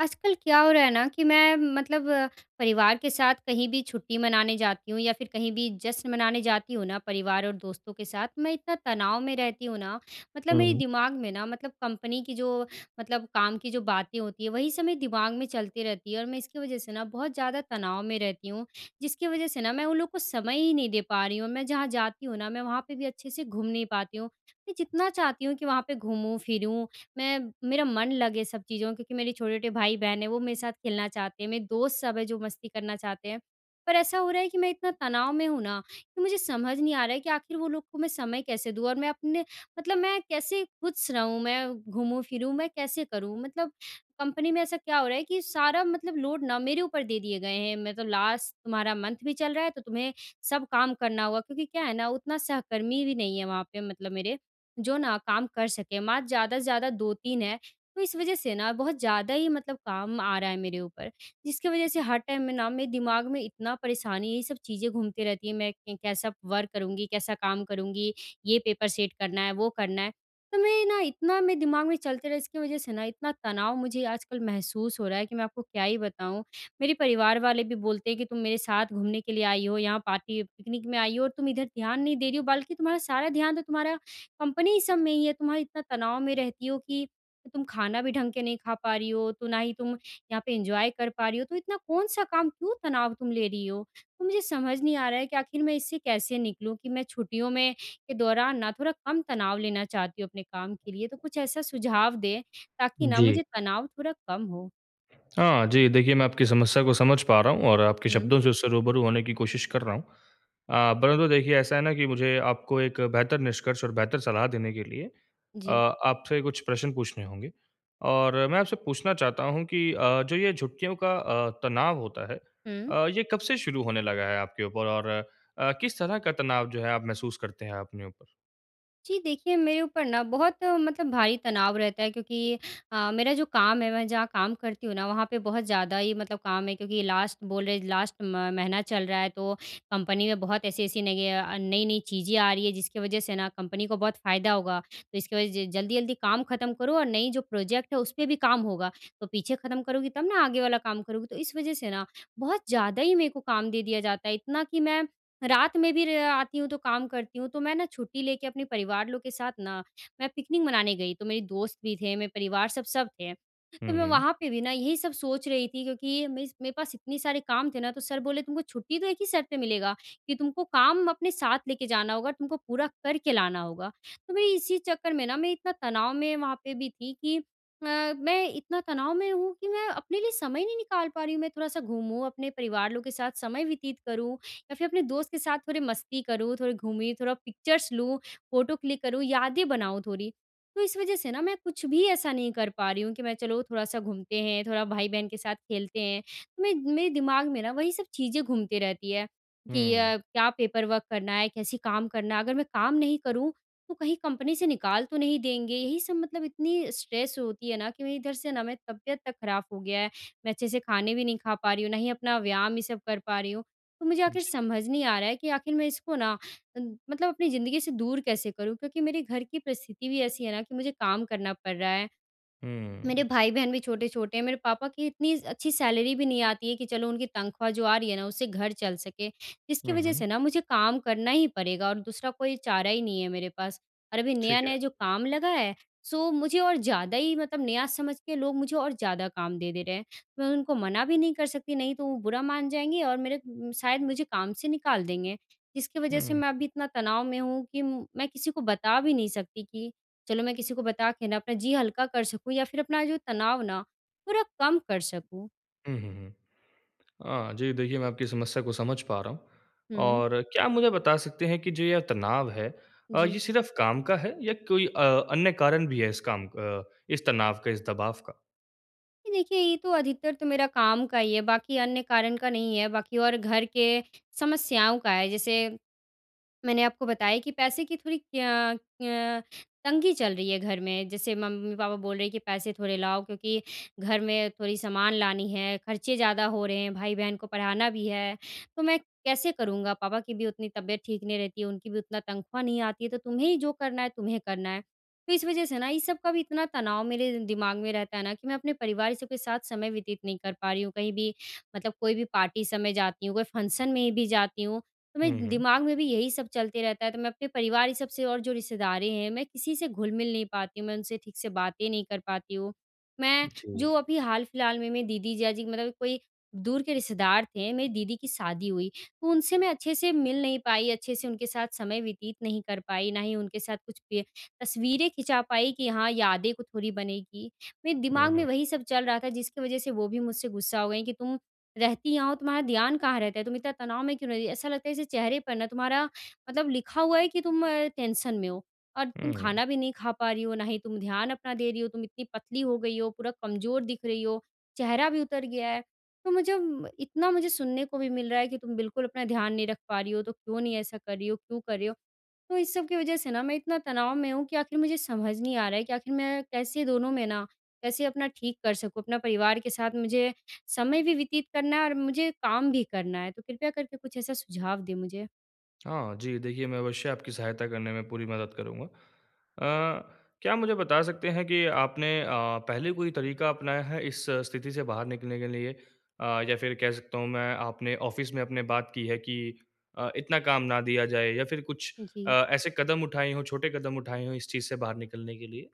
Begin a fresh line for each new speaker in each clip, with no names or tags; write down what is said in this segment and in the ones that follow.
आजकल क्या हो रहा है ना कि मैं मतलब परिवार के साथ कहीं भी छुट्टी मनाने जाती हूँ या फ़िर कहीं भी जश्न मनाने जाती हूँ ना परिवार और दोस्तों के साथ, मैं इतना तनाव में रहती हूँ ना मतलब
हुँ,
मेरे
हुँ।
दिमाग में ना मतलब कंपनी की जो मतलब काम की जो बातें होती हैं वही सब मेरे दिमाग में चलती रहती है और मैं इसकी वजह से ना बहुत ज़्यादा तनाव में रहती हूँ। जिसकी वजह से ना मैं उन लोगों को समय ही नहीं दे पा रही हूँ। मैं जहाँ जाती हूँ ना मैं वहाँ पे भी अच्छे से घूम नहीं पाती हुँ। मैं जितना चाहती हूँ कि वहाँ पे घूमूँ फ़िरूँ मैं मेरा मन लगे सब चीज़ों में क्योंकि मेरे छोटे-छोटे भाई बहन हैं वो मेरे साथ खेलना चाहते हैं मेरे दोस्त सब हैं जो मस्ती करना चाहते हैं। पर ऐसा हो रहा है कि मैं इतना तनाव में हूँ ना कि मुझे समझ नहीं आ रहा है कि आख़िर वो लोग को मैं समय कैसे दूँ और मैं अपने मतलब मैं कैसे खुश रहूँ मैं घूमूँ फिरूँ मैं कैसे करूँ। मतलब कंपनी में ऐसा क्या हो रहा है कि सारा मतलब लोड ना मेरे ऊपर दे दिए गए हैं मैं तो लास्ट तुम्हारा मंथ भी चल रहा है तो तुम्हें सब काम करना होगा क्योंकि क्या है ना उतना सहकर्मी भी नहीं है वहाँ पे मतलब मेरे जो ना काम कर सके। मात्र ज़्यादा से ज़्यादा 2-3 हैं। तो इस वजह से ना बहुत ज़्यादा ही मतलब काम आ रहा है मेरे ऊपर। जिसकी वजह से हर टाइम में ना मेरे दिमाग में इतना परेशानी है ये सब चीज़ें घूमती रहती है मैं कैसा वर्क करूँगी कैसा काम करूँगी ये पेपर सेट करना है वो करना है। तो मैं ना इतना मेरे दिमाग में चलते रहे इसकी वजह से ना इतना तनाव मुझे आजकल महसूस हो रहा है कि मैं आपको क्या ही बताऊँ। मेरे परिवार वाले भी बोलते हैं कि तुम मेरे साथ घूमने के लिए आई हो यहाँ पार्टी पिकनिक में आई हो और तुम इधर ध्यान नहीं दे रही हो बल्कि तुम्हारा सारा ध्यान तो तुम्हारा कंपनी सब में ही है। तुम्हारा इतना तनाव में रहती हो कि तुम खाना भी ढंग के नहीं ख़ा पा रही हो तो ना ही तुम यहाँ पे एन्जॉय कर पा रही हो तो इतना कौन-सा काम? क्यों तनाव तुम ले रही हो? तो मुझे समझ नहीं आ रहा है कि आख़िर मैं इससे कैसे निकलूँ कि मैं छुट्टियों में के दौरान ना थोड़ा कम तनाव लेना चाहती हूँ अपने काम के लिए। तो कुछ ऐसा सुझाव दें ताकि ना
जी।
मुझे तनाव थोड़ा कम हो।
हाँ जी। देखिए, मैं आपकी समस्या को समझ पा रहा हूँ और आपके
हुँ।
शब्दों से उससे रूबरू होने की कोशिश कर रहा हूँ। अ, पहले तो देखिए ऐसा है ना कि मुझे आपको एक बेहतर निष्कर्ष और बेहतर सलाह देने के लिए अ,
जी।
आपसे कुछ प्रश्न पूछने होंगे। और मैं आपसे पूछना चाहता हूँ कि अ, जो ये छुट्टियों का अ, तनाव होता है
हुँ।
अ, ये कब से शुरू होने लगा है आपके ऊपर और अ, किस तरह का तनाव जो है आप महसूस करते हैं अपने ऊपर?
जी, देखिए मेरे ऊपर ना बहुत मतलब भारी तनाव रहता है क्योंकि अ, मेरा जो काम है मैं जहाँ काम करती हूँ ना, वहाँ पे बहुत ज़्यादा ही मतलब काम है। क्योंकि लास्ट बोल रहे हैं, लास्ट म महीना चल रहा है, तो कंपनी में बहुत ऐसी-ऐसी नई य अ, नई-नई चीज़ें आ रही हैं जिसकी वजह से ना कंपनी को बहुत फ़ायदा होगा। तो इसकी वज़ह से ज जल्दी-जल्दी काम खत्म करो और नई जो प्रोजेक्ट है उस पे भी काम होगा। तो पीछे खत्म करोगी तब ना आगे वाला काम करोगी। तो इस वज़ह से ना बहुत ज़्यादा ही मेरे को काम दे दिया जाता है, इतना कि मैं रात में भी रे आती हूँ तो काम करती हूँ। तो मैं ना छुट्टी लेके अपने परिवार लोग के साथ ना मैं पिकनिक मनाने गई, तो मेरे दोस्त भी थे, मेरे परिवार, सब सब थे।
हुँ,
तो मैं
हुँ।
वहाँ पे भी ना यही सब सोच रही थी क्योंकि मेस मेरे पास इतने सारे काम थे ना, तो सर बोले तुमको छुट्टी तो एक ही शर्त पे मिलेगा कि तुमको काम अपने साथ लेके जाना होगा, तुमको पूरा करके लाना होगा। तो मैं इसी चक्कर में ना, मैं इतना तनाव में वहाँ पे भी थी कि अ, मैं इतना तनाव में हूँ कि मैं अपने लिए समय नहीं निकाल पा रही हूँ। मैं थोड़ा-सा घूमूँ अपने परिवार लोग के साथ समय व्यतीत करूँ या फिर अपने दोस्त के साथ थोड़ी मस्ती करूँ, थोड़ी घूमी, थोड़ा पिक्चर्स लूँ, फोटो क्लिक करूँ, यादें बनाऊँ थोड़ी। तो इस वज़ह से ना मैं कुछ भी ऐसा नहीं कर पा रही हूँ कि मैं चलो थोड़ा-सा घूमते हैं, थोड़ा भाई-बहन के साथ खेलते हैं। मैं मेरे दिमाग में ना वही सब चीज़ें घूमते रहती है कि
हुँ।
अ, क्या पेपर वर्क करना है? कैसे काम करना है? अगर मैं काम नहीं करूँ तो कहीं कंपनी से निकाल तो नहीं देंगे? यही सब मतलब इतनी स्ट्रेस होती है ना कि मैं इधर से ना मैं तबीयत तक खराब हो गया है। मैं अच्छे से खाने भी नहीं खा पा रही हूँ, ना ही अपना व्यायाम ये सब कर पा रही हूँ। तो मुझे आखिर
जी।
समझ नहीं आ रहा है कि आखिर मैं इसको ना अ, मतलब अपनी ज़िंदगी से दूर कैसे करूँ? क्योंकि मेरे घर की परिस्थिति भी ऐसी है ना कि मुझे काम करना पड़ रहा है। मेरे
हुँ।
भाई-बहन भी छोटे-छोटे हैं, मेरे पापा की इतनी स अच्छी सैलरी भी नहीं आती है कि चलो उनकी तनख़्वाह जो आ रही है ना, उससे घर चल सके। इसकी
हुँ,
वज़ह
हुँ।
से ना मुझे काम करना ही पड़ेगा और दूसरा कोई चारा ही नहीं है मेरे पास। और अभी
ठीक
नया-नया
है।
जो काम लगा है सो मुझे और ज़्यादा ही मतलब नया समझ के लोग मुझे और ज़्यादा काम दे दे रहे हैं। मैं उनको मना भी नहीं कर सकती नहीं तो वो बुरा मान जाएँगे और मेरे उम, शायद मुझे काम से निकाल देंगे। जिसकी वज़ह से
हुँ।
मैं अभी इतना तनाव में हूँ कि म मैं किसी को बता भी नहीं सकती कि चलो मैं किसी को बता के ना अपना जी हल्का कर सकूँ या फिर अपना जो तनाव ना थोड़ा कम कर सकूँ।
हुँ, हुँ, हुँ। अ, जी, देखिए मैं आपकी समस्या को समझ पा रहा हूँ।
हुँ।
और क्या आप मुझे बता सकते हैं कि जो यह तनाव है, अ, ये
जी।
सिर्फ़ काम का है या कोई अ, अन्य कारण भी है इस काम अ, इस तनाव का इस दबाव का?
जी, देखिए ये तो अधिकतर तो मेरा काम का ही है बाकी अन्य कारण का नहीं है, बाकी और घर के समस्याओं का है जैसे मैंने आपको बताया कि पैसे की थोड़ी क्य क्य तंगी चल रही है घर में, जैसे मम्मी-पापा बोल रहे हैं कि पैसे थोड़े लाओ क्योंकि घर में थोड़ी सामान लानी है, खर्चे ज़्यादा हो रहे हैं, भाई-बहन को पढ़ाना भी है। तो मैं कैसे करूँगा पापा की भी उतनी तबियत ठीक नहीं रहती है, उनकी भी उतना तनख़्वाह नहीं आती है, तो तुम्हें ही जो करना है तुम्हें करना है। तो इस वज़ह से ना ये सब का भी इतना तनाव मेरे दिमाग़ में रहता है ना कि मैं अपने परिवार सब के साथ समय व्यतीत नहीं कर पा रही हूँ, कहीं भी मतलब कोई भी पार्टी सब जाती हूँ, कोई फंक्शन में भी जाती हूँ, तो
हुँ,
मैं
हुँ।
दिमाग़ में भी यही सब चलते रहता है। तो मैं अपने परिवार ये सब से और जो रिश्तेदारें हैं मैं किसी से घुल मिल नहीं पाती हूँ, मैं उनसे ठीक से बातें नहीं कर पाती हूँ। मैं
जी।
जो अभी हाल फ़िलहाल में मेरी दीदी जीजा जी मतलब कोई दूर के रिश्तेदार थे, मेरी दीदी की शादी हुई, तो उनसे मैं अच्छे से मिल नहीं पाई, अच्छे से उनके साथ समय व्यतीत नहीं कर पाई, ना ही उनके साथ कुछ पय तस्वीरें खिंचा पाई कि हाँ, यादें को थोड़ी बनेंगी। मेरे
हुँ,
दिमाग़ में
हुँ।
वही सब चल रहा था जिसकी वज़ह से वो भी मुझसे गुस्सा हो गई कि तुम रहती यहाँ हो, तुम्हारा ध्यान कहाँ रहता है? तुम इतना तनाव में क्यों रहती, ऐसा लगता है जैसे चेहरे पर ना तुम्हारा मतलब लिखा हुआ है कि तुम अ, टेंशन में हो। और तुम
हुँ, हुँ।
खाना भी नहीं खा पा रही हो, ना ही तुम ध्यान अपना दे रही हो, तुम इतनी पतली हो गई हो, पूरा कमज़ोर दिख रही हो, चेहरा भी उतर गया है। तो मुझे म इतना मुझे सुनने को भी मिल रहा है कि तुम बिल्कुल अपना ध्यान नहीं रख पा रही हो, तो क्यों नहीं ऐसा कर रही हो, क्यों कर रही हो? तो इस सब की वज़ह से ना मैं इतना तनाव में हूँ कि आख़िर मुझे समझ नहीं आ रहा है कि आख़िर मैं कैसे दोनों में ना कैसे अपना ठीक कर सकूँ, अपना परिवार के साथ मुझे समय भी व्यतीत करना है और मुझे काम भी करना है, तो कृपया करके कुछ ऐसा सुझाव दें मुझे?
हाँ जी, देखिए, मैं अवश्य आपकी सहायता करने में पूरी मदद करूँगा। अ, क्या आप मुझे बता सकते हैं कि आपने अ, पहले कोई तरीका अपनाया है इस स्थिति से बाहर निकलने के लिए? अ, या फिर कह सकता हूँ मैं आपने ऑफ़िस में अपने बात की है, कि अ, इतना काम ना दिया जाए? या फिर कुछ अ,
जी।
ऐसे कदम उठाए हो, छोटे कदम उठाए हो इस चीज़ से बाहर निकलने के लिए?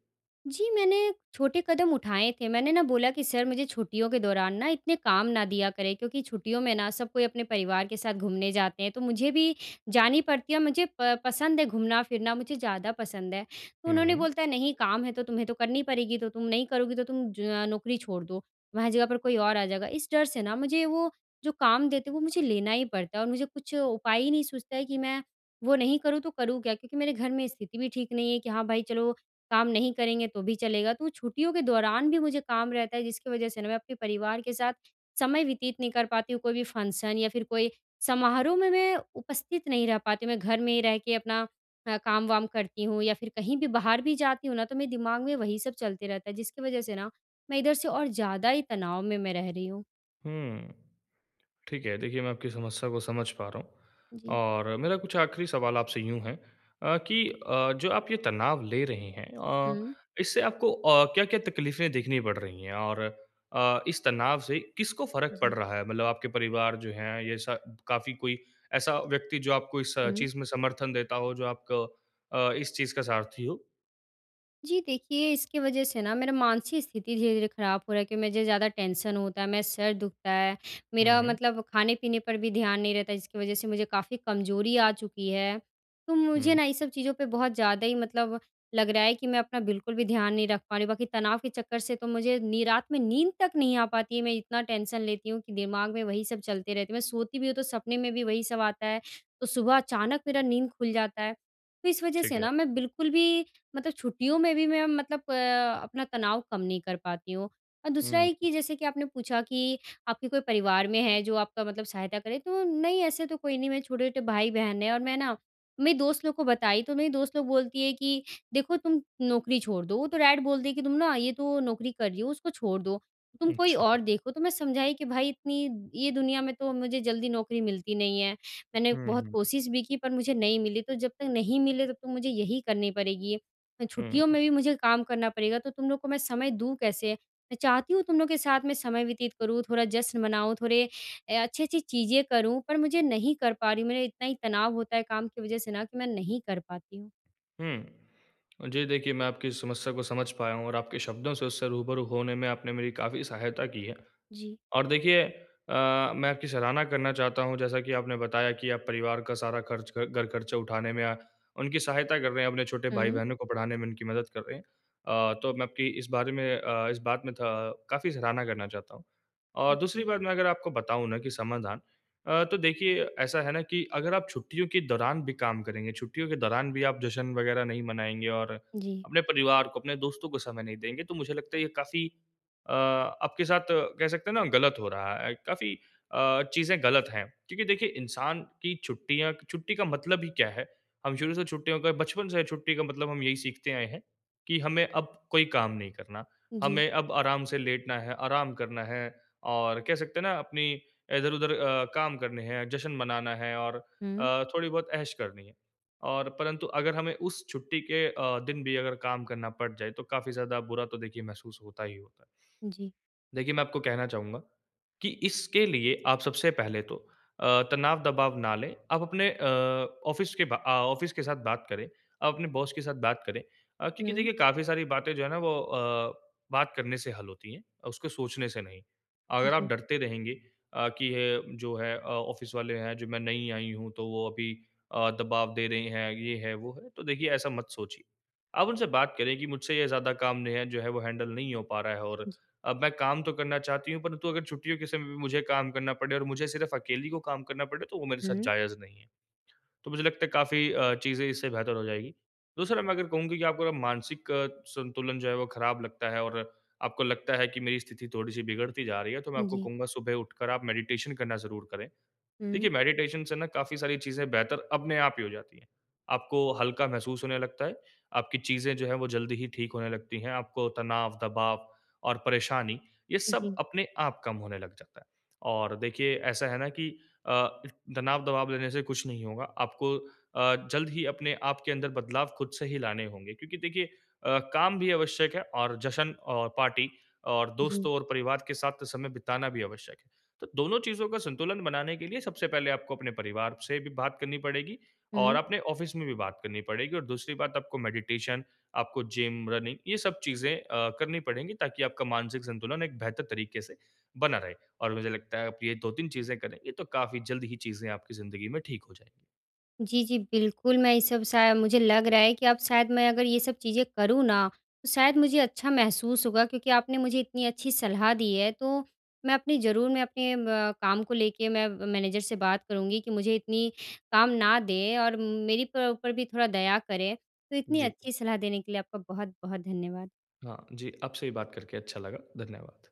जी, मैंने छोटे कदम उठाए थे, मैंने ना बोला कि, "सर मुझे छुट्टियों के दौरान ना इतने काम ना दिया करें क्योंकि छुट्टियों में ना सब कोई अपने परिवार के साथ घूमने जाते हैं, तो मुझे भी जानी पड़ती है, मुझे प पसंद है घूमना-फिरना मुझे ज़्यादा पसंद है।" तो
हुँ,
उन्होंने
हुँ।
बोलता है, "नहीं, काम है तो तुम्हें तो करनी पड़ेगी तो तुम नहीं करोगी तो तुम ज नौकरी छोड़ दो, तुम्हारे जगह पर कोई और आ जाएगा।" इस डर से ना मुझे वो जो काम देते हैं, वो मुझे लेना ही पड़ता है और मुझे कुछ उपाय ही नहीं सूझता है कि मैं वो नहीं करूँ, तो करूँ क्या? क्योंकि मेरे घर में स्थिति भी ठीक नहीं है, कि हाँ भाई चलो काम नहीं करेंगे तो भी चलेगा। तो, छुट्टियों के दौरान भी मुझे काम रहता है जिसकी वज़ह से ना मैं अपने परिवार के साथ समय व्यतीत नहीं कर पाती हूँ, कोई भी फ़ंक्शन या फिर कोई समारोह में मैं उपस्थित नहीं रह पाती हूँ। मैं घर में ही रह के अपना अ, काम-वाम करती हूँ या फिर कहीं भी बाहर भी जाती हूँ ना, तो मेरे दिमाग में वही सब चलते रहता है जिसकी वज़ह से ना, मैं इधर से और ज़्यादा ही तनाव में मैं रह रही हूँ।
हुँ, ठीक है। देखिए मैं आपकी समस्या को समझ पा रहा हूँ
जी।
और मेरा कुछ आख़िरी सवाल आपसे यूँ है अ, कि अ, जो आप ये तनाव ले रहे हैं अ,
हुँ।
इससे आपको अ, क्या-क्या तकलीफ़ें देखनी पड़ रही हैं? और अ, इस तनाव से किसको फ़र्क पड़
जी।
रहा है मतलब आपके परिवार जो है, ये स काफ़ी कोई ऐसा व्यक्ति जो आपको इस
हुँ।
चीज़ में समर्थन देता हो जो आपको अ, इस चीज़ का सारथी हो?
जी देखिए, इसकी वज़ह से ना मेरा मानसिक स्थिति धीरे-धीरे ख़राब हो रहा है क्योंकि मुझे ज़्यादा टेंशन होता है मैं सर दुखता है।
हुँ,
मेरा
हुँ।
मतलब खाने-पीने पर भी ध्यान नहीं रहता जिसकी वज़ह से मुझे काफ़ी कमज़ोरी आ चुकी है। तो मुझे
हुँ।
ना ये सब चीज़ों पे बहुत ज़्यादा ही मतलब लग रहा है कि मैं अपना बिल्कुल भी ध्यान नहीं रख पा रही हूँ। बाकी तनाव के चक्कर से तो मुझे नी रात में नींद तक नहीं आ पाती है मैं इतना टेंशन लेती हूँ कि दिमाग़ में वही सब चलते रहते हैं। मैं सोती भी हूँ तो सपने में भी वही सब आता है, तो सुबह अचानक मेरा नींद खुल जाता है। तो इस वज़ह
ठीक
से
है।
ना मैं बिल्कुल भी मतलब छुट्टियों में भी मैं मतलब अ, अपना तनाव कम नहीं कर पाती हूँ। और दूसरा है
हुँ।
कि जैसे कि आपने पूछा कि आपके कोई परिवार में है जो आपका मतलब सहायता करे तो नहीं ऐसे तो कोई नहीं मेरे छोटे-छोटे भाई बहन हैं और मैं ना, मेरी दोस्त लोग को बताई, तो मेरी दोस्त लोग बोलती है कि, "देखो तुम नौकरी छोड़ दो, वो तो डायरेक्ट बोलती है कि तुम ना ये तो नौकरी कर रही हो उसको छोड़ दो। तुम कोई
अच्छा।
और देखो।" तो मैं समझाई कि, "भाई इतनी ये दुनिया में तो मुझे जल्दी नौकरी मिलती नहीं है।" मैंने
हुँ,
बहुत
हुँ।
कोशिश भी की पर मुझे नहीं मिली तो जब तक नहीं मिले तब तो मुझे यही करनी पड़ेगी। छुट्टियों
हुँ।
में भी मुझे काम करना पड़ेगा तो तुम लोग को मैं समय दूँ कैसे? मैं चाहती हूँ तुम लोग के साथ में समय व्यतीत करूँ, थोड़ा जश्न मनाऊँ थोड़े अ अच्छी-अच्छी चीज़ें करूँ पर मुझे नहीं कर पा रही हूँ। मेरा इतना ही तनाव होता है काम की वज़ह से ना कि मैं नहीं कर पाती हूँ।
हुँ, जी देखिए मैं आपकी समस्या को समझ पाया हूँ और आपके शब्दों से उससे रूबरू होने में आपने मेरी काफ़ी सहायता की है।
जी।
और देखिए अ, मैं आपकी सराहना करना चाहता हूँ जैसा कि आपने बताया कि आप परिवार का सारा ख़र्च घर ख़र्चा उठाने में या उनकी सहायता कर रहे हैं अपने छोटे
हुँ।
भाई-बहनों को पढ़ाने में उनकी मदद कर रहे हैं अ, तो मैं आपकी इस बारे में अ, इस बात में अ, काफ़ी सराहना करना चाहता हूँ।
उ,
और दूसरी
जी।
बात मैं अगर आपको बताऊँ ना कि समाधान अ, तो देखिए ऐसा है ना कि अगर आप छुट्टियों के दौरान भी काम करेंगे, छुट्टियों के दौरान भी आप जश्न वग़ैरह नहीं मनाएँगे और
जी।
अपने परिवार को, अपने दोस्तों को समय नहीं देंगे तो मुझे लगता है ये काफ़ी अ, आपके साथ कह सकते हैं ना ग़लत हो रहा है। काफ़ी अ, चीज़ें ग़लत हैं क्योंकि देखिए इंसान की छुट्टियाँ छुट्टी का मतलब ही क्या है? हम शुरू से छुट्टियों का बचपन से छुट्टी का मतलब हम यही सीखते आए हैं कि हमें अब कोई काम नहीं करना।
जी।
हमें अब आराम से लेटना है आराम करना है और कह सकते हैं ना अपनी इधर-उधर अ, काम करने है जश्न मनाना है और
हुँ।
अ, थोड़ी बहुत ऐश करनी है। और परंतु अगर हमें उस छुट्टी के अ, दिन भी अगर काम करना पड़ जाए तो काफ़ी ज़्यादा बुरा तो देखिए महसूस होता ही होता है।
जी।
देखिए मैं आपको कहना चाहूँगा कि इसके लिए आप सबसे पहले तो अ, तनाव दबाव ना लें आप अपने अ, ऑफ़िस के बा अ, ऑफ़िस के साथ बात करें, आप अपने बॉस के साथ बात करें। अ, क्योंकि
हुँ।
देखिए काफ़ी सारी बातें जो है ना वो अ, बात करने से हल होती हैं, उसको सोचने से नहीं। अगर आप
जी।
डरते रहेंगे अ, कि ये जो है अ, ऑफ़िस वाले हैं, जो मैं नई आयी हूँ तो वो अभी अ, दबाव दे रहे हैं, ये है, वो है तो देखिए ऐसा मत सोचिए। आप उनसे बात करें कि मुझसे ये ज़्यादा काम नहीं है, जो है वो हैंडल नहीं हो पा रहा है और
जी।
अब मैं काम तो करना चाहती हूँ परंतु अगर छुट्टियों के समय भी मुझे काम करना पड़े और मुझे सिर्फ़ अकेली को काम करना पड़े तो वो मेरे साथ
हुँ।
जायज़ नहीं है। तो मुझे लगता है काफ़ी अ, चीज़ें इससे बेहतर हो जाएँगी। दूसरा मैं अगर कहूँ कि आपको मानसिक संतुलन जो है वो ख़राब लगता है और आपको लगता है कि मेरी स्थिति थोड़ी-सी बिगड़ती जा रही है, तो मैं
उ,
आपको
जी।
कहूँगा सुबह उठकर आप मेडिटेशन करना ज़रूर करें।
हुँ।
देखिए मेडिटेशन से ना काफ़ी सारी चीज़ें बेहतर अपने आप ही हो जाती हैं। आपको हल्का महसूस होने लगता है, आपकी चीज़ें जो है वो जल्दी ही ठीक होने लगती हैं आपको तनाव, दबाव और परेशानी ये
उ,
सब
जी।
अपने आप कम होने लग जाता है। और देखिए ऐसा है ना कि अ, तनाव दबाव लेने से कुछ नहीं होगा आपको अ, जल्द ही अपने आप के अंदर बदलाव ख़ुद से ही लाने होंगे क्योंकि देखिए अ, काम भी आवश्यक है जश्न और पार्टी और
जी।
दोस्तों और परिवार के साथ समय बिताना भी आवश्यक है। तो दोनों चीज़ों का संतुलन बनाने के लिए सबसे पहले आपको अपने परिवार से भी बात करनी पड़ेगी और
हुँ।
अपने ऑफ़िस में भी बात करनी पड़ेगी और दूसरी बात आपको मेडिटेशन आपको जिम, रनिंग ये सब चीज़ें अ, करनी पड़ेंगी ताकि आपका मानसिक संतुलन एक बेहतर तरीक़े से बना रहे और मुझे लगता है आप ये 2-3 चीज़ें करेंगी, ये तो काफ़ी जल्द ही चीज़ें आपकी ज़िंदगी में ठीक हो जाएँगी।
जी, जी, बिल्कुल, मैं ये सब शा मुझे लग रहा है कि अब शायद मैं अगर ये सब चीज़ें करूँ ना तो शायद मुझे अच्छा महसूस होगा क्योंकि आपने मुझे इतनी अच्छी सलाह दी है। तो मैं अपनी ज़रूर मैं अपने म काम को लेके मैं मैनेजर से बात करूँगी कि मुझे इतनी काम ना दें और मेरी पु ऊपर भी थोड़ा दया करें। तो इतनी
जी।
अच्छी सलाह देने के लिए आपका बहुत-बहुत धन्यवाद।
हाँ। जी, आपसे ही बात करके अच्छा लगा। धन्यवाद।